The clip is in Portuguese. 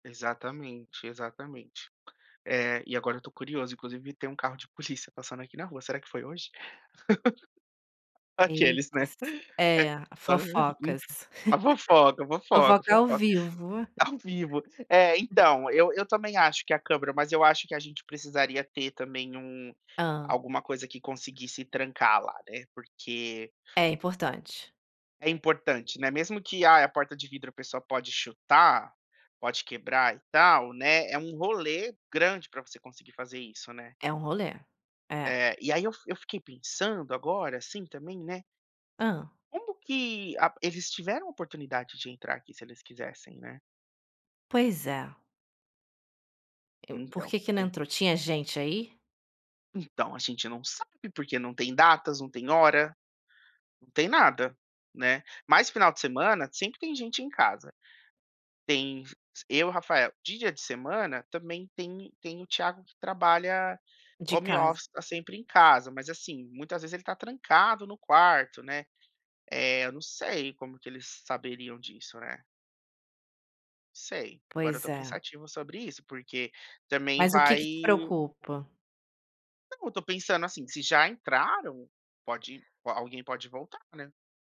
Exatamente, exatamente. Eh, e agora eu tô curioso, inclusive tem um carro de polícia passando aqui na rua, será que foi hoje? Aqueles, Eita, né. s É é, hã, fofocas. enfim. A fofoca, a fofoca, a Fofoca ao fofoca. vivo. Ao vivo. É, então, eu eu também acho que é a câmera, mas eu acho que a gente precisaria ter também um Hã. alguma coisa que conseguisse trancar lá, né, porque É importante. é importante, né, mesmo que: "Ai, a porta de vidro a pessoa pode chutar, pode quebrar e tal", né, é um rolê grande pra você conseguir fazer isso, né. É um rolê. É. É. E aí eu eu fiquei pensando agora, assim, também, né. Hã. Como que a eles tiveram oportunidade de entrar aqui se eles quisessem, né. Pois é. Eu por Então, que que não tem. entrou? Tinha gente aí? Então, a gente não sabe, porque não tem datas, não tem hora, não tem nada, né. Mas final de semana sempre tem gente em casa. Tem eu e o Rafael. Dia de semana, também tem tem o Tiago que trabalha De home casa. office, tá sempre em casa, mas assim, muitas vezes ele tá trancado no quarto, né. Eh, eu não sei como que eles saberiam disso, né. Sei, agora eu Pois tô é. pensativo sobre isso, porque também Mas o que vai que te preocupa? Não, eu tô pensando assim, se já entraram, pode alguém pode voltar, né.